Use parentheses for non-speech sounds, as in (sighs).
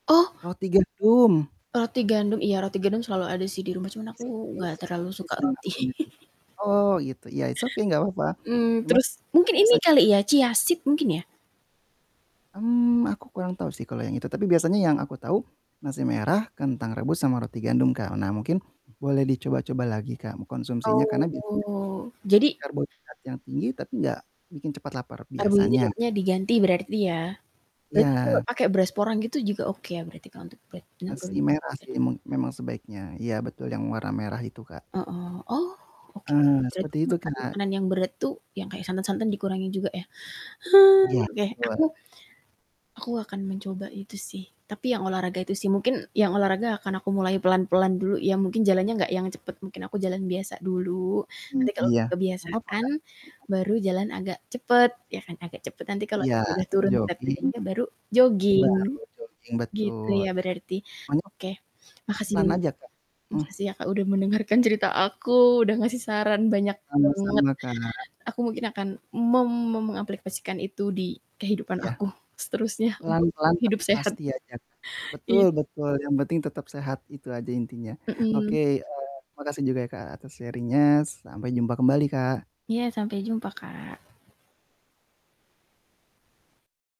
Oh. Roti gandum. Roti gandum, iya roti gandum selalu ada sih di rumah cuman aku gak (unintelligible) terlalu Itu suka sih yang roti. aku ingetin, (laughs) Oh gitu ya, it's okay gak papa. Hmm, Emang terus mungkin ini biasanya kali ya chia seed mungkin ya? Hmm, aku kurang tau sih kalo yang itu, tapi biasanya yang aku tau nasi merah, kentang rebus, sama roti gandum Kak. Nah mungkin boleh dicoba-coba lagi Kak, mengkonsumsinya, karena biasanya Oh (unintelligible) jadi karbohidrat yang tinggi tapi gak bikin cepet lapar biasanya. karbohidratnya diganti berarti ya? Berarti kalau Iya. pakai beras porang gitu juga oke berarti kalau untuk. (unintelligible) Nasi merah sih emang memang sebaiknya, iya betul yang warna merah itu Kak. Heeh, oh, oke. Ah, Berarti seperti itu makan Kak. makanan yang berat tuh yang kayak santan-santan dikurangi juga ya? Iya, (sighs) Oke aku, betul. aku akan mencoba itu sih tapi yang olahraga itu sih. Mungkin yang olahraga akan aku mulai pelan-pelan dulu ya, mungkin jalannya nggak yang cepet mungkin aku jalan biasa dulu. Mmm Nanti kalau iya, gak papa kebiasaan Kak, mhm. baru jalan agak cepet ya kan agak cepet, nanti kalau Iya udah turun berat jogging badannya baru jogging, baru jogging gitu betul, ya iya. berarti? Pokoknya Oke, makasih, pelan-pelan aja Kak, mmm. makasih ya Kak, udah mendengarkan cerita aku udah ngasih saran banyak banget, Sama-sama Kak. aku mungkin akan mem mengaplikasikan itu di kehidupan Iya, aku seterusnya untuk pelan-pelan hidup tapi sehat, pasti aja Kak. Betul iya. betul yang penting tetap sehat itu aja intinya. Oke, Mhm. eee, makasih juga ya Kak, atas sharing-nya. Sampai jumpa kembali Kak. Iya sampai jumpa, Kak.